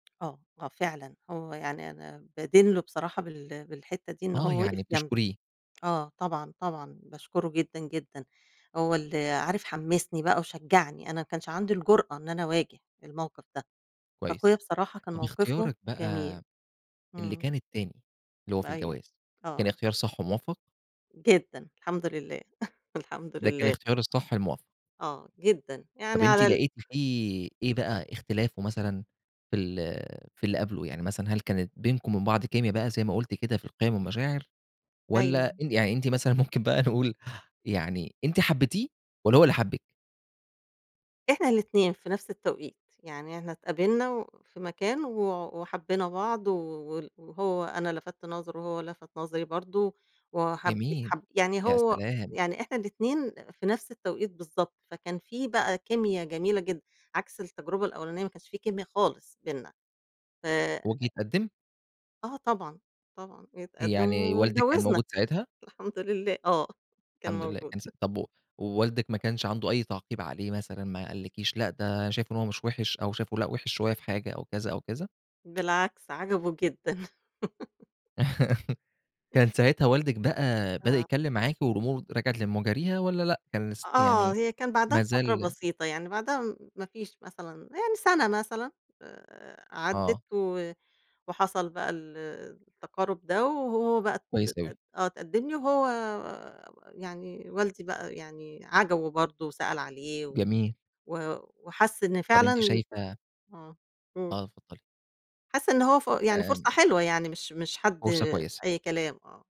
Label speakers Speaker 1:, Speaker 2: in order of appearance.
Speaker 1: آه، آه فعلًا هو يعني أنا بادين له بصراحة بال بالحِتّة دي، إن
Speaker 2: آه،
Speaker 1: هو
Speaker 2: يعني
Speaker 1: وقِف جنبي.
Speaker 2: بتشكريه.
Speaker 1: آه طبعًا، طبعًا باشكره جدًا، جدًا، هو ال عارف، حّمسني بقى وشجّعني، أنا ما كانش عَندي الجُرأة إن أنا أواجه الموقِف ده، فاخويا
Speaker 2: كويس.
Speaker 1: بصراحة كان
Speaker 2: طَب
Speaker 1: موقِفه
Speaker 2: اختيارِك بقى
Speaker 1: جميل.
Speaker 2: اللي
Speaker 1: إمم.
Speaker 2: كان التاني، اللي هو في
Speaker 1: أيوه.
Speaker 2: الجواز، كان
Speaker 1: آه.
Speaker 2: اختيار صح وموفّق؟
Speaker 1: جدًا، الحمد لله، الحمد
Speaker 2: ده كان
Speaker 1: لله.
Speaker 2: إختيار الصح الموفّق.
Speaker 1: آه، جدًا. يعني
Speaker 2: طَب أنتِ
Speaker 1: على ال
Speaker 2: لقيتِ فيه إيه بقى، إختلافه مثلًا في ال في اللي قبْله، يعني مثلًا هل كانت بينكم وبين بعض كيميا بقى زي ما قلتِ كده في القِيَم والمشاعر والّا
Speaker 1: أيوه.
Speaker 2: أن يعني أنتِ مثلًا، ممكن بقى نقول، يعني أنتِ حبّيتيه والّا هو اللي حبِّك؟
Speaker 1: إحنا الإتنين في نفْس التوقيت، يعني إحنا اتقابلنا و في مكان و وحبّينا بعض و وال وهو أنا لفَتت نظرُه وهو لفَت نظري برضه، وحَب
Speaker 2: جميل،
Speaker 1: حَب يعني
Speaker 2: يا
Speaker 1: هو
Speaker 2: سلام!
Speaker 1: يعني إحنا الإتنين في نفس التوقيت بالضبط، فكان في بقى كيميا جميلة جدًا عكْس التجربة الأوّلانية، ما كانش في كيميا خالص بيننا. ف
Speaker 2: وجِه اتقدِّم؟
Speaker 1: آه طبعًا، طبعًا. جِه اتقدِّم
Speaker 2: يعني والدِك كان
Speaker 1: واتجوّزنا
Speaker 2: موجود ساعتها؟
Speaker 1: الحمد لله، آه كان
Speaker 2: الحمد لله،
Speaker 1: موجود.
Speaker 2: كان س طَب و ووالدِك ما كانش عَنده أي تعقيب عليه مثلًا، ما قالّكيش لأ، ده شايف إن هو مش وِحش أو شايفه لأ، وِحش شوية في حاجة أو كذا أو كذا؟
Speaker 1: بالعكس، عجَبه جدًا.
Speaker 2: كان ساعتها والدِك بقى بدأ
Speaker 1: آه.
Speaker 2: يتكلّم معاكِ والأمور رجعِت لمجاريها والّا لأ؟ كان لس
Speaker 1: آه،
Speaker 2: يعني
Speaker 1: هي كان بعدَها
Speaker 2: ما
Speaker 1: بفترة
Speaker 2: زال
Speaker 1: بسيطة، يعني بعدها م ما فيش مثلًا يعني سَنة مثلًا، آآ، عدِّت
Speaker 2: آه.
Speaker 1: و وحصَل بقى ال التقارُب ده وهو بقى ت
Speaker 2: كويس أوي.
Speaker 1: أت آه، اتقدِّم لي وهو يعني والدي بقى يعني عجَبه برضه وسأل عليه و
Speaker 2: جميل.
Speaker 1: و وحس إن
Speaker 2: طَب أنتِ
Speaker 1: فعلًا
Speaker 2: شايفة
Speaker 1: آه، قُل.
Speaker 2: آه، اتفضّلي.
Speaker 1: حَس إن هو ف يعني فرصة
Speaker 2: آمم.
Speaker 1: حلوة يعني، مش مش حد
Speaker 2: فرصة كويسة.
Speaker 1: أي كلام، آه.